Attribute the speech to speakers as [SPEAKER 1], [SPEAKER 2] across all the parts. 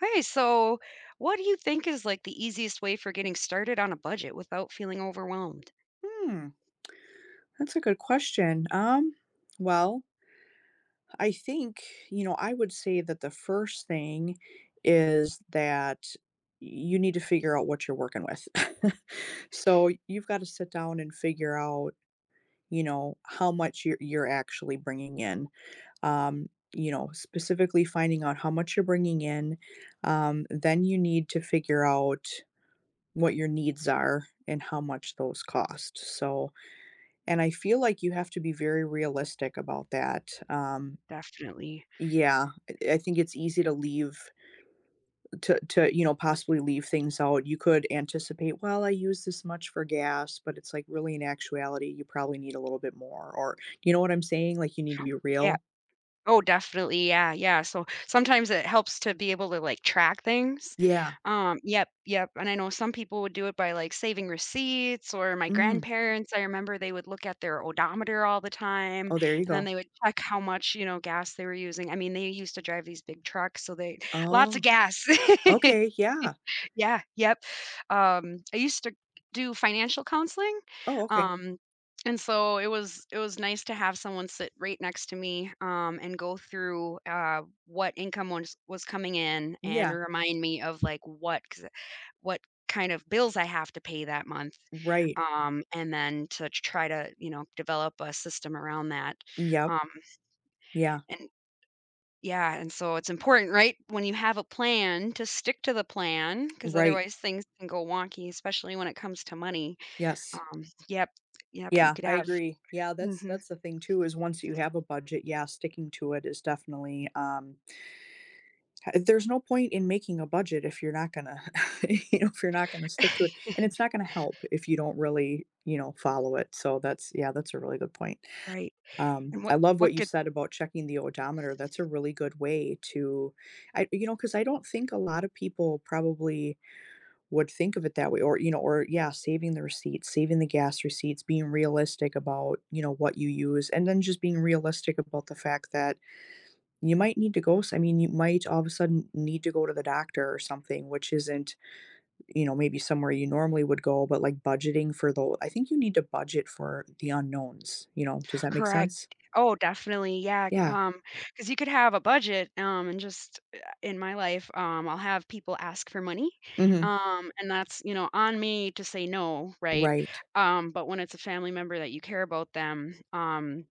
[SPEAKER 1] Hey, so, what do you think is, like, the easiest way for getting started on a budget without feeling overwhelmed?
[SPEAKER 2] Hmm. That's a good question. Um, well I think you know, I would say that the first thing is that y you need to figure out what you're working with. So, you've gotta sit down and figure out, you know, how much you're you're actually bringing in, um, you know, specifically finding out how much you're bringing in, um, then you need to figure out what your needs are and how much those cost, so and I feel like you have to be very realistic about that, um
[SPEAKER 1] Definitely.
[SPEAKER 2] Yeah, eh I think it's easy to leave uh, to to you know, possibly leave things out, you could anticipate, "Well, I use this much for gas," but it's, like, really, in actuality, you probably need a little bit more, or you know what I'm saying? Like, you need to be
[SPEAKER 1] Yeah.
[SPEAKER 2] real.
[SPEAKER 1] Oh, definitely, yeah, yeah, so, sometimes it helps to be able to, like, track things,
[SPEAKER 2] Yeah.
[SPEAKER 1] um yep, yep, and I know some people would do it by, like, saving receipts, or my
[SPEAKER 2] Mm.
[SPEAKER 1] grandparents, I remember they would look at their odometer all the time,
[SPEAKER 2] Oh, there you
[SPEAKER 1] and then
[SPEAKER 2] go.
[SPEAKER 1] they would check how much, you know, gas they were using, I mean, they used to drive these big trucks, so they lots of
[SPEAKER 2] Oh.
[SPEAKER 1] gas.
[SPEAKER 2] Okay, yeah.
[SPEAKER 1] Yeah, yep, um, I used to do financial counseling,
[SPEAKER 2] Oh, okay.
[SPEAKER 1] um, and so, it was it was nice to have someone sit right next to me, um, and go through, uh, what income was was coming in and
[SPEAKER 2] Yeah.
[SPEAKER 1] remind me of, like, what 'cause, uh what kind of bills I have to pay that month,
[SPEAKER 2] Right.
[SPEAKER 1] um, and then to try to, you know, develop a system around that,
[SPEAKER 2] Yep.
[SPEAKER 1] um
[SPEAKER 2] Yeah.
[SPEAKER 1] and, yeah and so it's important right, when you have a plan, to stick to the plan, 'cause
[SPEAKER 2] Right.
[SPEAKER 1] otherwise things can go wonky, especially when it comes to money.
[SPEAKER 2] Yes.
[SPEAKER 1] Um, yep, yep, you
[SPEAKER 2] Yeah.
[SPEAKER 1] could
[SPEAKER 2] I
[SPEAKER 1] have
[SPEAKER 2] agree. Yeah, that's
[SPEAKER 1] Mhm.
[SPEAKER 2] that's the thing too is once you have a budget yeah, sticking to it is definitely, um ha there's no point in making a budget if you're not gonna, you know, if you're not gonna stick to it, and it's not gonna help if you don't really, you know, follow it, so that's yeah, that's a really good point.
[SPEAKER 1] Right.
[SPEAKER 2] Um,
[SPEAKER 1] And what
[SPEAKER 2] I love
[SPEAKER 1] what
[SPEAKER 2] what you
[SPEAKER 1] could
[SPEAKER 2] said about checking the odometer, that's a really good way to I you know, 'cause I don't think a lotta people probably would think of it that way, or you know, or yeah, saving the receipts, saving the gas receipts, being realistic about, you know, what you use, and then just being realistic about the fact that you might need to go s I mean, you might all of a sudden need to go to the doctor or something, which isn't, you know, maybe somewhere you normally would go, but, like, budgeting for tho I think you need to budget for the unknowns, you know does that make
[SPEAKER 1] Correct.
[SPEAKER 2] sense?
[SPEAKER 1] Oh, definitely, yeah, can
[SPEAKER 2] Yeah.
[SPEAKER 1] um 'cause you could have a budget, um, and just uh, in my life um, I'll have people ask for money,
[SPEAKER 2] Mhm.
[SPEAKER 1] um, and that's, you know, on me to say no, right?
[SPEAKER 2] Right.
[SPEAKER 1] Um, but when it's a family member that you care about them, um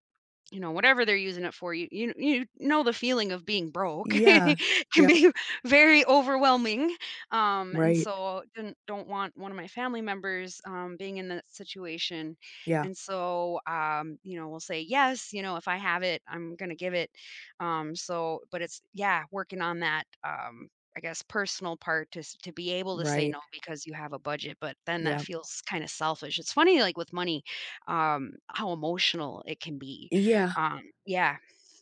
[SPEAKER 1] you know, whatever they're using it for, you you you know the feeling of being broke,
[SPEAKER 2] Yeah.
[SPEAKER 1] it can
[SPEAKER 2] Yep.
[SPEAKER 1] be very overwhelming, um, and
[SPEAKER 2] Right.
[SPEAKER 1] so, don don't want one of my family members, um, being in that situation,
[SPEAKER 2] Yeah.
[SPEAKER 1] and so, um, you know, we'll say, yes, you know, if I have it, I'm gonna give it, um, so but it's yeah working on that, um, I guess, personal part, to s to be able to say
[SPEAKER 2] Right.
[SPEAKER 1] no, because you have a budget, but then that
[SPEAKER 2] Yep.
[SPEAKER 1] feels kinda selfish. It's funny, like with money, um, how emotional it can be,
[SPEAKER 2] Yeah.
[SPEAKER 1] um yeah.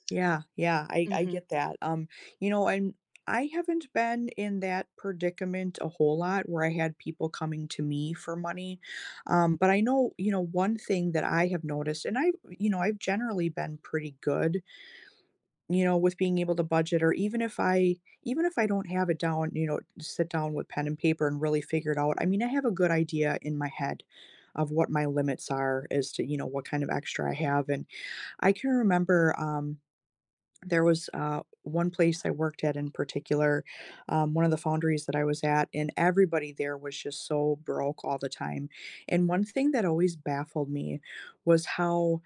[SPEAKER 2] Yeah, yeah, I I
[SPEAKER 1] Mhm.
[SPEAKER 2] get that, um, you know, and I haven't been in that predicament a whole lot where I had people coming to me for money. Um, but I know you know, one thing that I have noticed and I you know, I've generally been pretty good you know, with being able to budget or even if I even if I don't have it down, you know, sit down with pen and paper and really figure it out, I mean, I have a good idea in my head of what my limits are as to, you know, what kind of extra I have, and I can remember, um, there was, uh, one place I worked at in particular, um- one of the foundries that I was at- and everybody there was just so broke all the time. And one thing that always baffled me was how,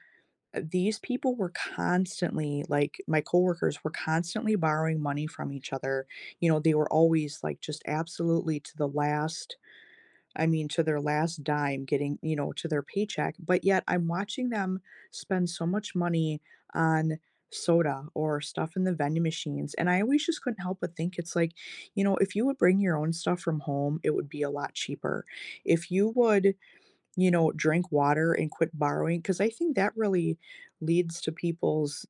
[SPEAKER 2] uh, these people were constantly like, my coworkers were constantly borrowing money from each other. You know, they were always, like, just absolutely to the last, I mean, to their last dime getting, you know, to their paycheck. But yet, I'm watching them spend so much money on soda or stuff in the vending machines, and I always just couldn't help but think it's like, you know, if you would bring your own stuff from home, it would be a lot cheaper. If you would, you know, drink water and quit borrowing 'cause I think that really leads to people's,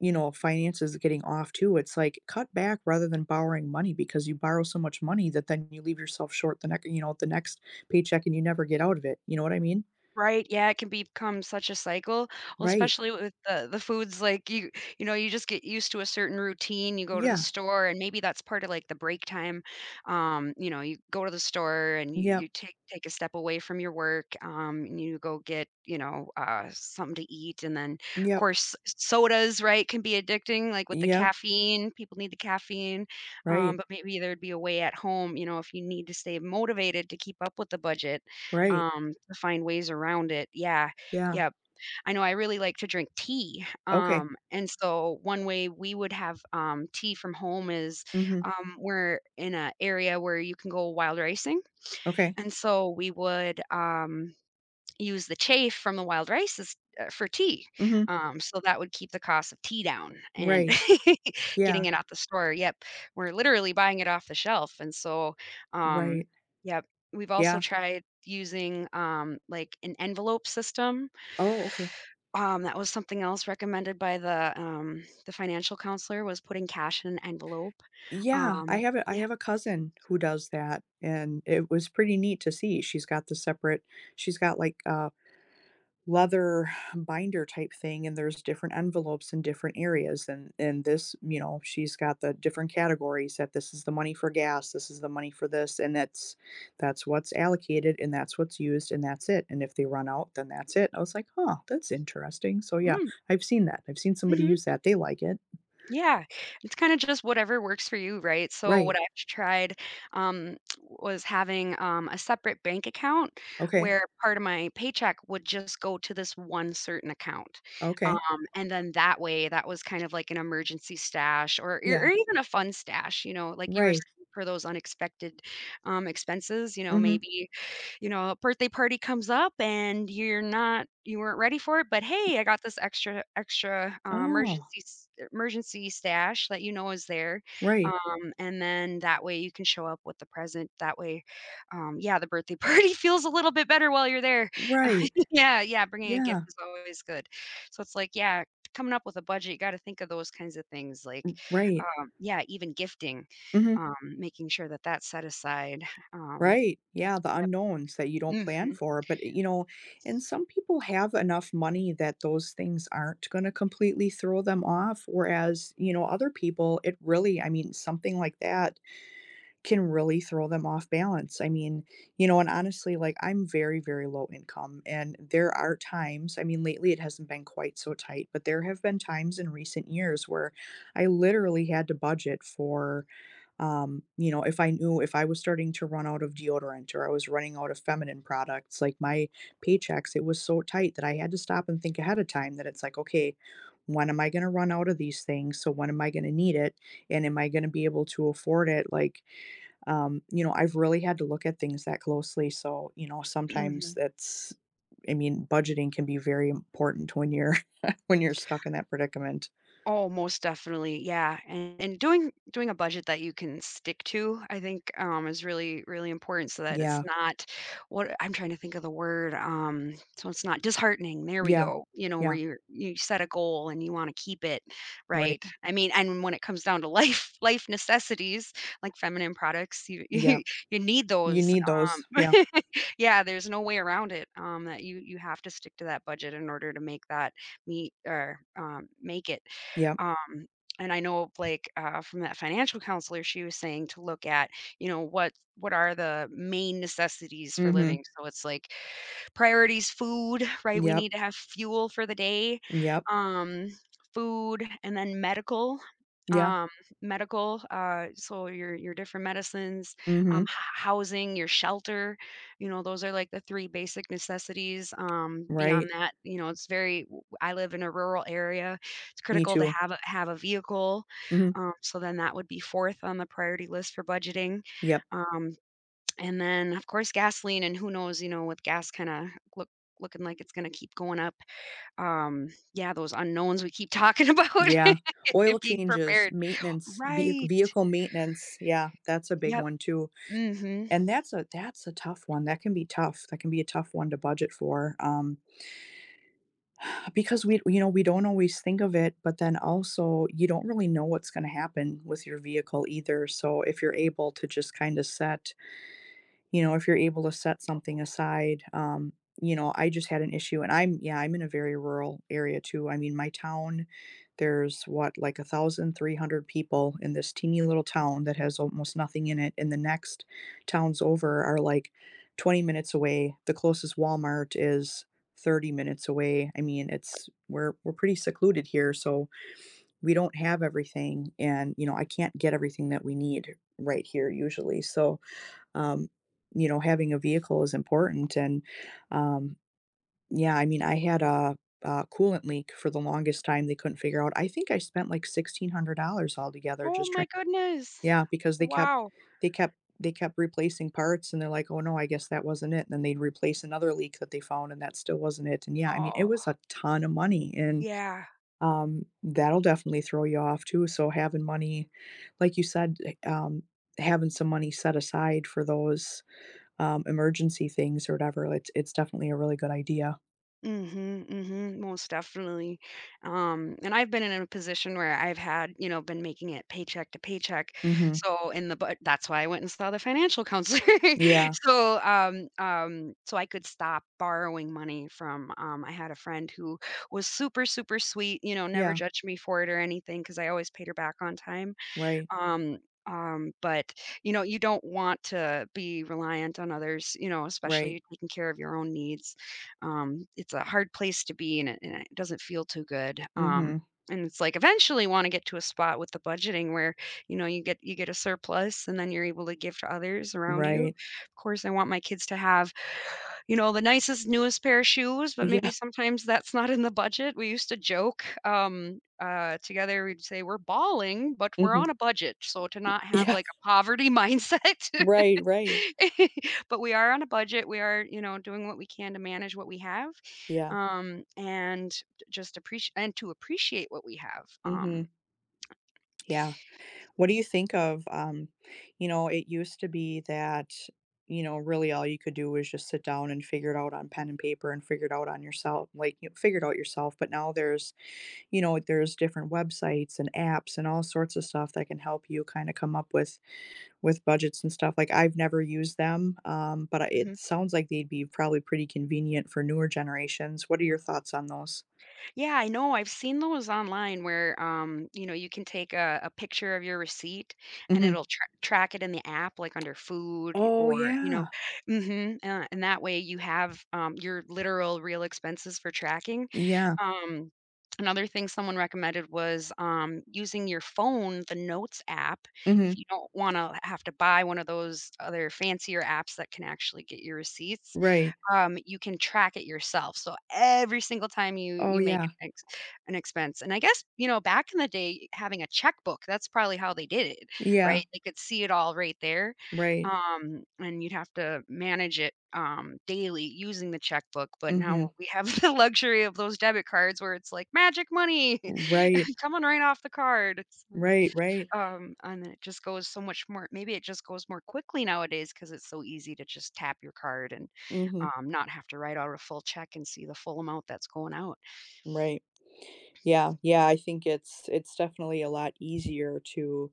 [SPEAKER 2] you know, finances getting off too. It's like, cut back rather than borrowing money because you borrow so much money that then you leave yourself short the nex or you know, the next paycheck, and you never get out of it. You know what I mean?
[SPEAKER 1] Right, yeah, it can become such a cycle. Well,
[SPEAKER 2] Right.
[SPEAKER 1] especially with the the foods, like, you you know, you just get used to a certain routine. You go to the
[SPEAKER 2] Yeah.
[SPEAKER 1] store, and maybe that's part of, like, the break time, um, you know, you go to the store, and y
[SPEAKER 2] Yep.
[SPEAKER 1] you take take a step away from your work, um, and you go get, you know, uh, something to eat. And then,
[SPEAKER 2] Yep.
[SPEAKER 1] 'course, sodas, right, can be addicting, like, with the
[SPEAKER 2] Yep.
[SPEAKER 1] caffeine- people need the caffeine- um,
[SPEAKER 2] Right.
[SPEAKER 1] but maybe there'd be a way at home, you know, if you need to stay motivated to keep up with the budget,
[SPEAKER 2] Right.
[SPEAKER 1] um, to find ways around it. Yeah.
[SPEAKER 2] Yeah.
[SPEAKER 1] Yep. I know I really like to drink tea.
[SPEAKER 2] Okay.
[SPEAKER 1] Um, and so one way we would have, um, tea from home is-
[SPEAKER 2] Mhm.
[SPEAKER 1] um, we're in a area where you can go wild ricing-
[SPEAKER 2] Okay.
[SPEAKER 1] and so, we would, um, use the chaff from the wild rices, uh, for tea.
[SPEAKER 2] Mhm.
[SPEAKER 1] Um, so that would keep the cost of tea down and
[SPEAKER 2] Right.
[SPEAKER 1] getting
[SPEAKER 2] Yeah.
[SPEAKER 1] it off the store, yep. We're literally buying it off the shelf. And so, um,
[SPEAKER 2] Right.
[SPEAKER 1] yep. We've also
[SPEAKER 2] Yeah.
[SPEAKER 1] tried using, um, like, an envelope system
[SPEAKER 2] Oh, okay.
[SPEAKER 1] um, that was something else recommended by the, um, the financial counselor, was putting cash in an envelope.
[SPEAKER 2] Yeah. I
[SPEAKER 1] Um,
[SPEAKER 2] have a I
[SPEAKER 1] yeah
[SPEAKER 2] have a cousin who does that, and it was pretty neat to see. She's got the separate she's got, like, a leather binder type thing, and there's different envelopes in different areas. And and this you know, she's got the different categories that this is the money for gas, this is the money for this, and that's that's what's allocated, and that's what's used, and that's it. And if they run out, then that's it. I was like, "Huh, that's interesting." So, yeah,
[SPEAKER 1] Mm.
[SPEAKER 2] I've seen that. I've seen somebody
[SPEAKER 1] Mhm.
[SPEAKER 2] use that. They like it.
[SPEAKER 1] Yeah. It's kinda just whatever works for you, right? So what
[SPEAKER 2] Right.
[SPEAKER 1] I've tried, um, was having, um, a separate bank account
[SPEAKER 2] Okay.
[SPEAKER 1] where part of my paycheck would just go to this one certain account. Um,
[SPEAKER 2] Okay.
[SPEAKER 1] and then that way, that was kind of like an emergency stash or or
[SPEAKER 2] Yeah.
[SPEAKER 1] or even a fun stash, you know, like you were
[SPEAKER 2] Right.
[SPEAKER 1] saying for those unexpected, um, expenses, you know,
[SPEAKER 2] Mhm.
[SPEAKER 1] maybe, you know, a birthday party comes up and you're not you weren't ready for it, but, "Hey, I got this extra extra, uh,
[SPEAKER 2] Oh.
[SPEAKER 1] emergency s er emergency stash," that you know is there.
[SPEAKER 2] Right.
[SPEAKER 1] Um, and then that way, you can show up with the present. That way, um yeah, the birthday party feels a little bit better while you're there. Uh,
[SPEAKER 2] Right.
[SPEAKER 1] yeah. yeah, bringing a gift
[SPEAKER 2] Yeah.
[SPEAKER 1] is always good. So it's like, yeah, coming up with a budget, you gotta think of those kinds of things, like,
[SPEAKER 2] R right.
[SPEAKER 1] um yeah, even gifting,
[SPEAKER 2] Mhm.
[SPEAKER 1] um, making sure that that's set aside. Um,
[SPEAKER 2] Right. Yeah, the
[SPEAKER 1] yep.
[SPEAKER 2] unknowns that you don't plan
[SPEAKER 1] Mhm.
[SPEAKER 2] for. But, i you know, and some people have enough money that those things aren't gonna completely throw them off. Whereas, you know, other people, it really I mean, something like that can really throw them off balance. I mean you know, and honestly, like, I'm very, very low income, and there are times- I mean, lately, it hasn't been quite so tight- but there have been times in recent years where I literally had to budget for, um, you know, if I knew if I was starting to run out of deodorant or I was running out of feminine products, like my paychecks, it was so tight that I had to stop and think ahead of time that it's like, "Okay, when am I gonna run out of these things? So when am I gonna need it? And am I gonna be able to afford it?" Like, um, you know, I've really had to look at things that closely, so, you know, sometimes
[SPEAKER 1] Mhm.
[SPEAKER 2] that's I mean, budgeting can be very important when you're when you're stuck in that predicament.
[SPEAKER 1] Oh, most definitely, yeah. And doing doing a budget that you can stick to, I think, um, is really, really important so that it's
[SPEAKER 2] Yeah.
[SPEAKER 1] not what I'm trying to think of the word, um- so it's not disheartening- there we
[SPEAKER 2] Yeah.
[SPEAKER 1] go. You know, where
[SPEAKER 2] Yeah.
[SPEAKER 1] you're you set a goal, and you wanna keep it,
[SPEAKER 2] Right.
[SPEAKER 1] right? I mean, and when it comes down to life life necessities, like feminine products, you you
[SPEAKER 2] Yep.
[SPEAKER 1] you need
[SPEAKER 2] You
[SPEAKER 1] those.
[SPEAKER 2] need
[SPEAKER 1] Um,
[SPEAKER 2] those. Yeah.
[SPEAKER 1] yeah, there's no way around it, um, that you you have to stick to that budget in order to make that meet, or, um, make it.
[SPEAKER 2] Yep.
[SPEAKER 1] Um, and I know of, like, uh, from that financial counselor, she was saying to look at, you know, what what are the main necessities for living.
[SPEAKER 2] Mhm.
[SPEAKER 1] So it's like priorities, food, right? We
[SPEAKER 2] Yep.
[SPEAKER 1] need to have fuel for the day,
[SPEAKER 2] Yep.
[SPEAKER 1] um, food, and then medical,
[SPEAKER 2] Yeah.
[SPEAKER 1] um, medical, uh, so your your different medicines, um,
[SPEAKER 2] Mhm.
[SPEAKER 1] h housing, your shelter. You know, those are, like, the 3 basic necessities. Um, beyond
[SPEAKER 2] Right.
[SPEAKER 1] that, you know, it's very w I live in a rural area. It's
[SPEAKER 2] Me
[SPEAKER 1] critical to
[SPEAKER 2] too.
[SPEAKER 1] have a have a vehicle.
[SPEAKER 2] Mhm.
[SPEAKER 1] Um, so then that would be 4th on the priority list for budgeting.
[SPEAKER 2] Yep.
[SPEAKER 1] Um, and then, of course, gasoline, and who knows, you know, with gas kinda look looking like it's gonna keep going up. Um yeah, those unknowns we keep talking about
[SPEAKER 2] Yeah. Oil
[SPEAKER 1] being
[SPEAKER 2] changes,
[SPEAKER 1] prepared.
[SPEAKER 2] maintenance, vehic
[SPEAKER 1] Right.
[SPEAKER 2] vehicle maintenance. Yeah, that's a big
[SPEAKER 1] Yep.
[SPEAKER 2] one too.
[SPEAKER 1] Mhm.
[SPEAKER 2] And that's a that's a tough one. That can be tough. That can be a tough one to budget for, um Because we you know, we don't always think of it, but then also, you don't really know what's gonna happen with your vehicle either, so if you're able to just kinda set, you know, if you're able to set something aside um, you know, I just had an issue, and I'm yeah, I'm in a very rural area too. I mean, my town, there's, what? Like, 1,300 people in this teeny, little town that has almost nothing in it, and the next towns over are, like, 20 minutes away. The closest Walmart is 30 minutes away. I mean, it's we're we're pretty secluded here, so we don't have everything, and, you know, I can't get everything that we need right here usually. So, um, you know, having a vehicle is important, and, um, yeah, I mean, I had a a coolant leak for the longest time they couldn't figure out. I think I spent, like, $1,600 altogether
[SPEAKER 1] Oh
[SPEAKER 2] just try
[SPEAKER 1] my goodness,
[SPEAKER 2] Yeah, because they kept
[SPEAKER 1] wow.
[SPEAKER 2] they kept they kept replacing parts, and they're like, "Oh, no, I guess that wasn't it." Then they'd replace another leak that they found, and that still wasn't it, and, yeah, I mean, it was
[SPEAKER 1] Oh.
[SPEAKER 2] a ton of money, and,
[SPEAKER 1] Yeah.
[SPEAKER 2] um, that'll definitely throw you off too, so having money like you said, eh um, having some money set aside for those, um, emergency things or whatever, it it's definitely a really good idea.
[SPEAKER 1] Mhm, mhm, most definitely, um, and I've been in a position where I've had, you know, been making it paycheck to paycheck,
[SPEAKER 2] Mhm.
[SPEAKER 1] so in the bu that's why I went and saw the financial counselor.
[SPEAKER 2] Yeah.
[SPEAKER 1] So, um um, so I could stop borrowing money from, um, I had a friend who was super, super sweet, you know, never
[SPEAKER 2] Yeah.
[SPEAKER 1] judged me for it or anything 'cause I always paid her back on time.
[SPEAKER 2] Right.
[SPEAKER 1] Um um, but, you know, you don't want to be reliant on others, you know,
[SPEAKER 2] Right.
[SPEAKER 1] especially taking care of your own needs. Um, it's a hard place to be, and it and it doesn't feel too good, um,
[SPEAKER 2] Mhm.
[SPEAKER 1] and it's like, eventually wanna get to a spot with the budgeting where, you know, you get you get a surplus, and then you're able to give to others around you,
[SPEAKER 2] Right.
[SPEAKER 1] course, I want my kids to have, you know, the nicest, newest pair of shoes, but maybe
[SPEAKER 2] Yeah.
[SPEAKER 1] sometimes that's not in the budget, we used to joke, um, uh, together, we'd say "We're balling, but we're on
[SPEAKER 2] Mhm.
[SPEAKER 1] a budget." So, to not
[SPEAKER 2] Eh
[SPEAKER 1] have,
[SPEAKER 2] Yeah.
[SPEAKER 1] like, a poverty mindset.
[SPEAKER 2] Right, right.
[SPEAKER 1] But we are on a budget, we are, you know, doing what we can to manage what we have,
[SPEAKER 2] Yeah.
[SPEAKER 1] um, and d just apprec and to appreciate what we have, um.
[SPEAKER 2] Mhm. Yeah. What do you think of, um You know, it used to be that, you know, really all you could do was just sit down and figure it out on pen and paper and figure it out on yoursel like, you figure it out yourself, but now there's you know, there's different websites, and apps, and all sorts of stuff that can help you kinda come up with with budgets and stuff. Like, I've never used them, um, but, uh, it
[SPEAKER 1] Mhm.
[SPEAKER 2] sounds like they'd be probably pretty convenient for newer generations. What are your thoughts on those?
[SPEAKER 1] Yeah, I know, I've seen those online where, um, you know, you can take a a picture of your receipt, and
[SPEAKER 2] Mhm.
[SPEAKER 1] it'll tra track it in the app, like, under food y
[SPEAKER 2] Oh
[SPEAKER 1] or you
[SPEAKER 2] yeah.
[SPEAKER 1] know Mhm, uh, and that way, you have, um, your literal real expenses for tracking.
[SPEAKER 2] Yeah.
[SPEAKER 1] Um, another thing someone recommended was, um, using your phone, the notes app. If
[SPEAKER 2] Mhm.
[SPEAKER 1] you don't wanna h have to buy one of those other fancier apps that can actually get your receipts,
[SPEAKER 2] Right.
[SPEAKER 1] um, you can track it yourself. So, every single time you
[SPEAKER 2] Oh
[SPEAKER 1] you make
[SPEAKER 2] yeah.
[SPEAKER 1] an ex an expense. And I guess, you know, back in the day, having a checkbook, that's probably how they did it,
[SPEAKER 2] Yeah.
[SPEAKER 1] right? They could see it all right there,
[SPEAKER 2] Right.
[SPEAKER 1] um, and you'd have to manage it, um, daily using the checkbook. But now
[SPEAKER 2] Mhm.
[SPEAKER 1] we have the luxury of those debit cards where it's like, magic money
[SPEAKER 2] Right.
[SPEAKER 1] coming right off the card. So,
[SPEAKER 2] Right, right.
[SPEAKER 1] uh, um, and it just goes so much more Maybe it just goes more quickly nowadays cause it's so easy to just tap your card, and,
[SPEAKER 2] Mhm.
[SPEAKER 1] um, not have to write out a full check and see the full amount that's going out.
[SPEAKER 2] Right. Yeah, yeah, I think it's it's definitely a lot easier to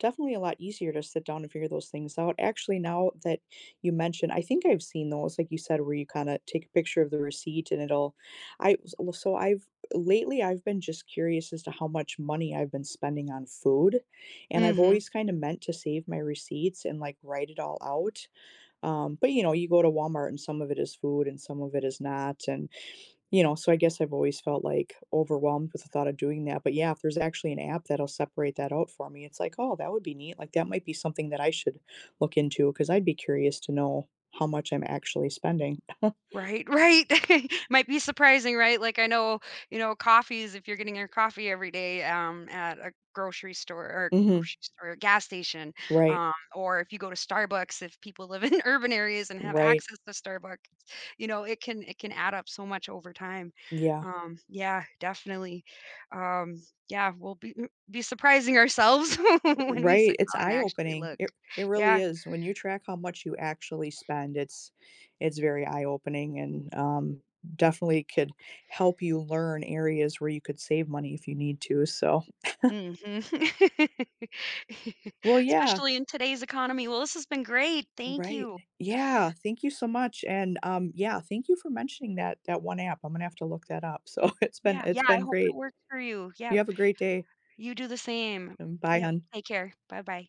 [SPEAKER 2] definitely a lot easier to sit down and figure those things out. Actually, now that you mention I think I've seen those, like you said, where you kinda take a picture of the receipt, and it'll I wa s so I've lately I've been just curious as to how much money I've been spending on food, and I've
[SPEAKER 1] Mhm.
[SPEAKER 2] always kinda meant to save my receipts and, like, write it all out, um, but, you know, you go to Walmart, and some of it is food and some of it is not, and, you know, so I guess I've always felt, like, overwhelmed with the thought of doing that. But, yeah, if there's actually an app that'll separate that out for me, it's like, "Oh, that would be neat," like, that might be something that I should look into 'cause I'd be curious to know how much I'm actually spending.
[SPEAKER 1] Right, right. Might be surprising, right? Like, I know, you know, coffees, if you're getting your coffee every day, um, at a grocery store or
[SPEAKER 2] Mhm.
[SPEAKER 1] grocery store? Gas station,
[SPEAKER 2] Right.
[SPEAKER 1] um, or if you go to Starbucks, if people live in urban areas and have
[SPEAKER 2] Right.
[SPEAKER 1] access to Starbucks, you know, it can it can add up so much over time.
[SPEAKER 2] Yeah.
[SPEAKER 1] Um, yeah, definitely. Um, yeah, we'll be m be surprising ourselves
[SPEAKER 2] R
[SPEAKER 1] when we
[SPEAKER 2] right,
[SPEAKER 1] sit
[SPEAKER 2] it's
[SPEAKER 1] down and
[SPEAKER 2] eye
[SPEAKER 1] actually
[SPEAKER 2] opening,
[SPEAKER 1] look.
[SPEAKER 2] it it really
[SPEAKER 1] Yeah.
[SPEAKER 2] is, when you track how much you actually spend, it's it's very eye opening and, um, definitely could help you learn areas where you could save money if you need to, so.
[SPEAKER 1] Mhm.
[SPEAKER 2] Well, yeah.
[SPEAKER 1] Especially in today's economy. Well, this has been great. Thank
[SPEAKER 2] Right,
[SPEAKER 1] you.
[SPEAKER 2] e yeah, thank you so much, and, um, yeah, thank you for mentioning that that one app, Imma have to look that up. So, it's been
[SPEAKER 1] Yeah,
[SPEAKER 2] it's
[SPEAKER 1] yeah, I
[SPEAKER 2] been
[SPEAKER 1] hope it
[SPEAKER 2] great.
[SPEAKER 1] works for you,
[SPEAKER 2] You
[SPEAKER 1] yep.
[SPEAKER 2] have a great day.
[SPEAKER 1] You do the same.
[SPEAKER 2] Um, bye,
[SPEAKER 1] Yep,
[SPEAKER 2] hon.
[SPEAKER 1] take care, bye-bye.